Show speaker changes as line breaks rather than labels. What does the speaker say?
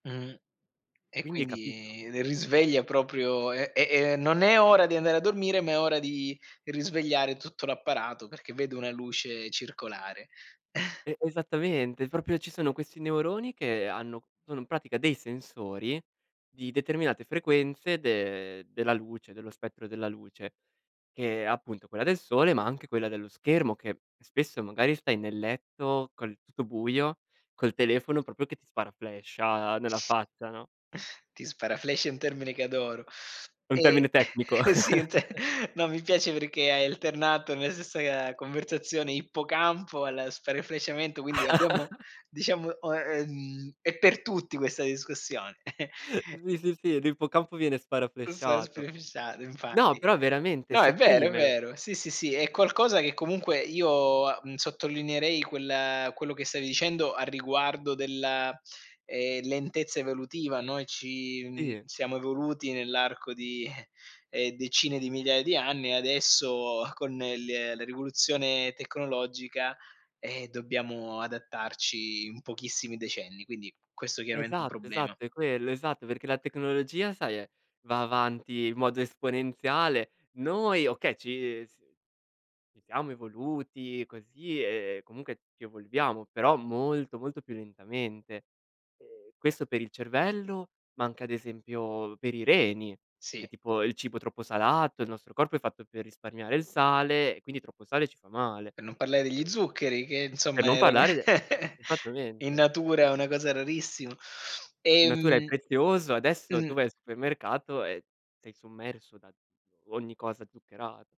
Mhmm. E
Quindi capito?
quindi risveglia proprio eh, è non è ora di andare a dormire, ma è ora di risvegliare tutto l'apparato, perché vedo una luce circolare.
E esattamente, proprio ci sono questi neuroni, che hanno sono in pratica dei sensori di determinate frequenze de della luce, dello spettro della luce, che è appunto quella del sole, ma anche quella dello schermo che spesso magari stai nel letto col tutto buio, col telefono proprio che ti sparaflasha nella faccia, no?
Ti
Sì
sparaflasha è un termine che adoro.
È un termine
Eh,
tecnico.
e sì, è un te no, mi piace perché hai alternato nella stessa ga conversazione ippocampo, allo sparafleshamento, quindi abbiamo diciamo o ehm, è per tutti questa discussione.
Sì, sì, sì, l'ippocampo viene sparaflashato.
[unintelligible]
No,
infatti.
però veramente
No, è vero, è
sopprime.
vero. Sì, sì, sì, è qualcosa che comunque io, uhm, sottolineerei quel quello che stavi dicendo a riguardo della, ehm, lentezza evolutiva. Noi ci, mhmm,
Sì.
siamo evoluti nell'arco di eh, decine di migliaia di anni adesso con l la rivoluzione tecnologica, ehm, dobbiamo adattarci in pochissimi decenni, quindi questo chiaramente è un
Esatto,
problema.
esatto, è quello, esatto, perché la tecnologia sai è va avanti in modo esponenziale. Noi okay, ci s siamo evoluti così e comunque ci evolviamo, però molto molto più lentamente. E questo per il cervello, ma anche ad esempio per i reni, che
Sì.
tipo il cibo troppo salato, il nostro corpo è fatto per risparmiare il sale e quindi troppo sale ci fa male.
Per non parlare degli
Sì.
zuccheri, che
Per
insomma
non parlare de
e in
esattamente.
natura è una cosa rarissima.
In natura è
Ehm
prezioso, adesso
mh.
tu vai al supermercato e sei sommerso da d ogni cosa zuccherata.